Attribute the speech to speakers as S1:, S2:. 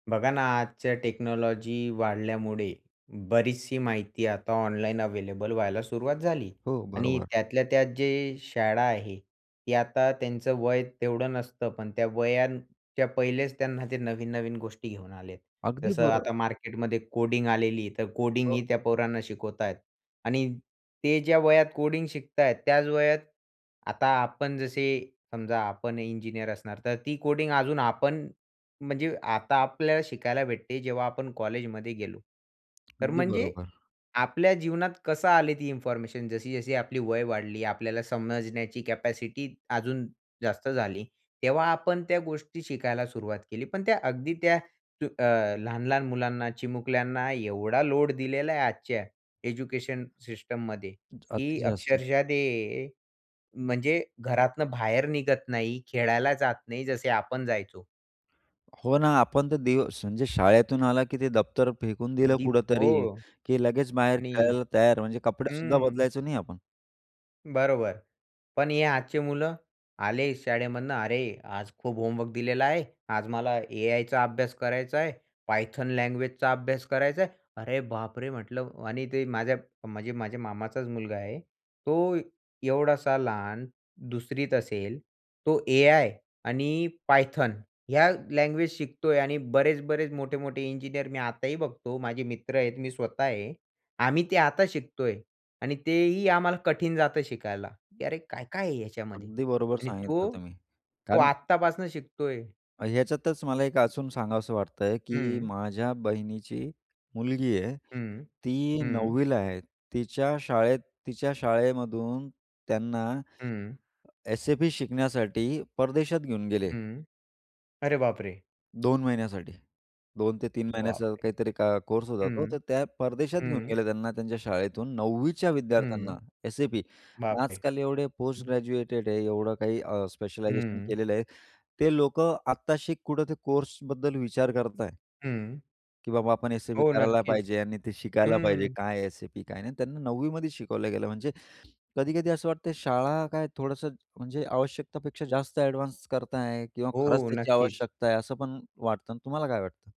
S1: बघा ना, आजच्या टेक्नॉलॉजी वाढल्यामुळे बरीचशी माहिती आता ऑनलाईन अव्हेलेबल व्हायला सुरुवात झाली.
S2: हो,
S1: आणि
S2: बरोबर.
S1: त्यातल्या त्यात जे शाळा आहेत, ती आता त्यांचं वय तेवढं नसतं, पण त्या वयाच्या पहिलेच त्यांना ते नवीन-नवीन गोष्टी घेऊन आले आहेत.
S2: अगदी
S1: जसं
S2: बरो
S1: आता मार्केटमध्ये कोडिंग आलेली, तर
S2: हो.
S1: कोडिंगही त्या पोरांना शिकवत आहेत. आणि ते ज्या वयात कोडिंग शिकत आहेत, त्याच वयात आता आपण, जसे समजा आपण इंजिनिअर असणार, तर ती कोडिंग अजून आपण, म्हणजे आता आपल्याला शिकायला भेटते जेव्हा आपण कॉलेजमध्ये गेलो. तर
S2: अगदी
S1: म्हणजे
S2: बरोबर.
S1: आपल्या जीवनात कसं आले, ती इन्फॉर्मेशन जशी-जशी आपली वय वाढली, आपल्याला समजण्याची कॅपॅसिटी अजून जास्त झाली, तेव्हा आपण त्या गोष्टी शिकायला सुरुवात केली. पण त्या अगदी त्या जो अ, लहान-लहान मुलांना, चिमुकल्यांना एवढा लोड दिलेला आहे. आजच्या एज्युकेशन
S2: अति
S1: सिस्टममध्येही
S2: जास्त.
S1: अक्षरशः ते म्हणजे घरातून बाहेर निघत नाही, खेळायला जात नाही, जसे आपण जायचो.
S2: हो ना. आपण त दिवस म्हणजे शाळेतून आला, की ते दफ्तर फेकून दिलं
S1: [unintelligible] हो
S2: कुठेतरी. की लगेच बाहेर
S1: आणि
S2: खेळायला तयार. म्हणजे कपडे सुद्धा
S1: हं.
S2: बदलायचो नाही आपण.
S1: बरोबर. पण हे आजचे मुलं, आले शाळेमधनं, "अरे, आज खूप होमवर्क दिलेला आहे. आज मला एआयचा अभ्यास करायचा आहे, Python लँग्वेजचा अभ्यास करायचा आहे." अरे बापरे! म्हटलं. आणि ते माझ्या, म्हणजे माझ्या मामाचाच मुलगा आहे, तो एवढासा लहान, 2री त असेल, तो एआय आणि Python ह्या लँग्वेज शिकतोय. आणि बरेच-बरेच, मोठे-मोठे इंजिनिअर मी आताही बघतो. माझे मित्र आहेत, मी स्वतः आहे. आम्ही ते आता शिकतोय. आणि तेही आम्हाला कठीण जातं शिकायला, की, "अरे, काय-काय आहे ह्याच्यामध्ये?"
S2: अगदी बरोबर
S1: आणि
S2: सांगितलं
S1: तो?
S2: तुम्ही.
S1: तो
S2: कारण
S1: आत्तापासून शिकतोय.
S2: ह्याच्यातच मला एक अजून सांगावसं वाटतंय की
S1: हं.
S2: माझ्या बहिणीची मुलगी आहे.
S1: हं.
S2: ती
S1: हं.
S2: 9वी ला आहे. तिच्या शाळेत तिच्या शाळेमधून त्यांना
S1: हं.
S2: SAP शिकण्यासाठी परदेशात घेऊन गेले.
S1: हं. अरे बापरे!
S2: 2 महिन्यासाठी. 2-3
S1: बाप
S2: महिन्याचा
S1: रे!
S2: काहीतरी को कोर्स होता,
S1: हं.
S2: तो तर त्या परदेशात घेऊन
S1: हं.
S2: गेले त्यांना त्यांच्या शाळेतून 9वी च्या विद्यार्थ्यांना.
S1: हं.
S2: SAP
S1: बाप रे!
S2: आजकाल एवढे पोस्ट
S1: हं.
S2: ग्रॅज्युएटेड आहे, एवढं काही अ, स्पेशलायझेशन
S1: हं.
S2: केलेलं आहे. ते लोक आत्ताशी कुठे ते कोर्सबद्दल विचार करताहेत.
S1: हं.
S2: की, "बाबा, आपण SAP
S1: हो,
S2: करायला
S1: नक्कीच.
S2: पाहिजे." आणि ते शिकायला पाहिजे,
S1: हं.
S2: काय SAP काय नाही. आणि त्यांना 9वी मध्ये शिकवलं गेलं. म्हणजे कधी-कधी असं वाटतंय, शाळा काय, थोडंसं म्हणजे आवश्यकतापेक्षा जास्त एडवान्स करताय किंवा खरंच
S1: हो,
S2: त्याची
S1: नक्कीच.
S2: आवश्यकता आहे, असं पण वाटतं. आणि तुम्हाला काय वाटतं?